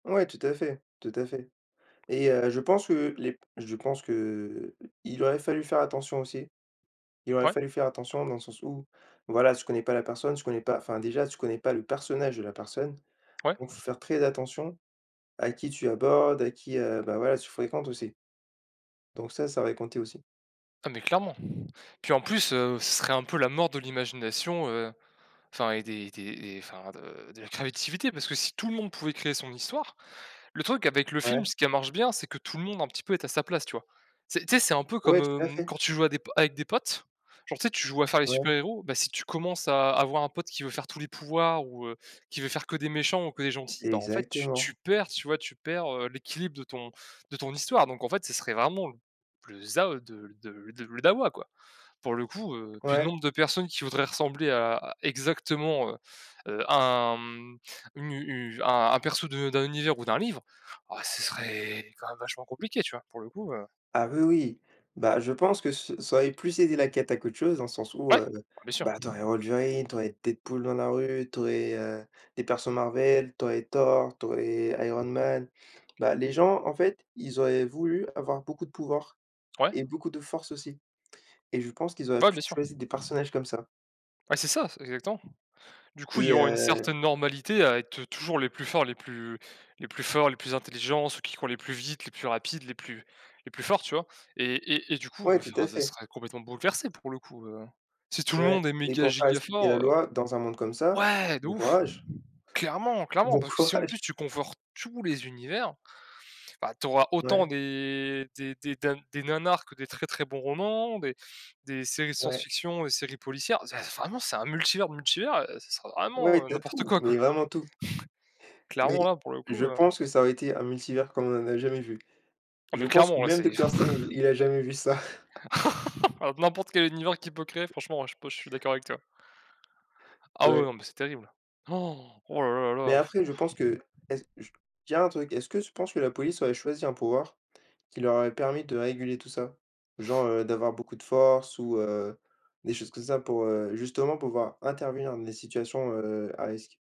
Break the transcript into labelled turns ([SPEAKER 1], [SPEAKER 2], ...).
[SPEAKER 1] Ouais tout à fait, tout à fait et heu, je pense que les p je pense que, heu, il aurait fallu faire attention aussi il aurait
[SPEAKER 2] Ouais.
[SPEAKER 1] fallu faire attention dans le sens où voilà, tu connais pas la personne, tu connais pas enfin déjà tu connais pas le personnage de la personne,
[SPEAKER 2] Ouais.
[SPEAKER 1] donc faut faire très attention à qui tu abordes, à qui, heu, bah voilà tu fréquentes aussi donc ça, ça va y compter aussi.
[SPEAKER 2] Ah, mais clairement! Puis en plus, heu, ce serait un peu la mort de l'imagination, heu, enfin et des des des enfin de de la créativité, parce que si tout le monde pouvait créer son histoire. Le truc avec le film
[SPEAKER 1] Ouais.
[SPEAKER 2] ce qui marche bien, c'est que tout le monde un petit peu est à sa place, tu vois? Tu sais tu sais, c'est un peu comme,
[SPEAKER 1] Ouais, tout à
[SPEAKER 2] hem,
[SPEAKER 1] fait.
[SPEAKER 2] quand tu joues à des po avec des potes, genre, tu sais, tu joues à faire les super
[SPEAKER 1] Ouais.
[SPEAKER 2] héros, bah si tu commences à avoir un pote qui veut faire tous les pouvoirs ou heu, qui veut faire que des méchants ou que des gentils, bah en fait, tu
[SPEAKER 1] Exactement.
[SPEAKER 2] tu perds, tu vois, tu perds, heu, l'équilibre de ton de ton histoire, donc en fait, ce serait vraiment plus de ça, heu, de le de le le dawa quoi! Pour le coup, heu puis le
[SPEAKER 1] Ouais.
[SPEAKER 2] nombre de personnes qui voudraient ressembler à exactement, heu heu, à un, hem une u à un perso de d'un univers ou d'un livre, oh ce serait quand même vachement compliqué, tu vois? Pour le coup, heu
[SPEAKER 1] Ah oui, oui! Bah je pense que ce ça aurait plus aidé la cata à qu'autre chose dans le sens où,
[SPEAKER 2] Ouais!
[SPEAKER 1] heu,
[SPEAKER 2] Bien sûr.
[SPEAKER 1] bah tu aurais Wolverine, tu aurais Deadpool dans la rue, tu aurais, heu, des persos Marvel, tu aurais Thor, tu aurais Iron Man. Bah les gens en fait, ils auraient voulu avoir beaucoup de pouvoir
[SPEAKER 2] Ouais.
[SPEAKER 1] et beaucoup de force aussi et je pense qu'ils auraient
[SPEAKER 2] Ouais,
[SPEAKER 1] plus
[SPEAKER 2] bien sûr.
[SPEAKER 1] choisi des personnages comme ça
[SPEAKER 2] Ouais c'est ça, exactement. Du coup ils
[SPEAKER 1] et
[SPEAKER 2] ont une
[SPEAKER 1] heu
[SPEAKER 2] certaine normalité à être toujours les plus forts, les plus les plus plus forts, les plus intelligents, ceux qui courent les plus vite, les plus rapides, les plus les plus forts, tu vois? Et et et du coup,
[SPEAKER 1] Ouais, tout
[SPEAKER 2] enfin
[SPEAKER 1] à
[SPEAKER 2] ça
[SPEAKER 1] fait.
[SPEAKER 2] serait complètement bouleversé pour le coup, heu, si tout le
[SPEAKER 1] Ouais
[SPEAKER 2] monde est
[SPEAKER 1] et
[SPEAKER 2] méga
[SPEAKER 1] pour faire
[SPEAKER 2] giga
[SPEAKER 1] respecter la
[SPEAKER 2] fort, heu
[SPEAKER 1] loi dans un monde comme ça,
[SPEAKER 2] Ouais! De
[SPEAKER 1] bon
[SPEAKER 2] ouf!
[SPEAKER 1] courage!
[SPEAKER 2] Clairement! Clairement!
[SPEAKER 1] Bon
[SPEAKER 2] Parce que si en
[SPEAKER 1] courage!
[SPEAKER 2] plus tu conforts tous les univers, bah tu auras
[SPEAKER 1] Ouais.
[SPEAKER 2] autant des des des ding des nanars que des très, très bons romans des des séries
[SPEAKER 1] Ouais.
[SPEAKER 2] science-fiction et séries policières. Vraiment c'est un multivers, multivers, heu, ce sera
[SPEAKER 1] Ouais
[SPEAKER 2] vraiment,
[SPEAKER 1] et
[SPEAKER 2] heu,
[SPEAKER 1] tu as
[SPEAKER 2] n'importe
[SPEAKER 1] tout!
[SPEAKER 2] quoi,
[SPEAKER 1] Mais
[SPEAKER 2] quoi.
[SPEAKER 1] vraiment tout. Mais
[SPEAKER 2] Clairement là pour le
[SPEAKER 1] je
[SPEAKER 2] coup, heu
[SPEAKER 1] pense que ça aurait été un multivers comme on n'en a jamais vu.
[SPEAKER 2] Ah mais
[SPEAKER 1] Je pense que
[SPEAKER 2] clairement, là
[SPEAKER 1] même
[SPEAKER 2] c'est
[SPEAKER 1] Docteur Strange il a jamais vu ça.
[SPEAKER 2] N'importe quel univers qui peut créer franchement, heu, je suis pas je suis d'accord avec toi. Ah ouais,
[SPEAKER 1] Ouais.
[SPEAKER 2] non mais c'est terrible. Han! Oh là là
[SPEAKER 1] Mais
[SPEAKER 2] là
[SPEAKER 1] après je
[SPEAKER 2] là!
[SPEAKER 1] pense que est-ce je tiens un truc, est-ce que tu penses que la police aurait choisi un pouvoir, qui leur aurait permis de réguler tout ça? Genre, heu, d'avoir beaucoup de force ou heu, des choses comme ça pour, heu, justement pour pouvoir intervenir dans les situations, heu, à risque.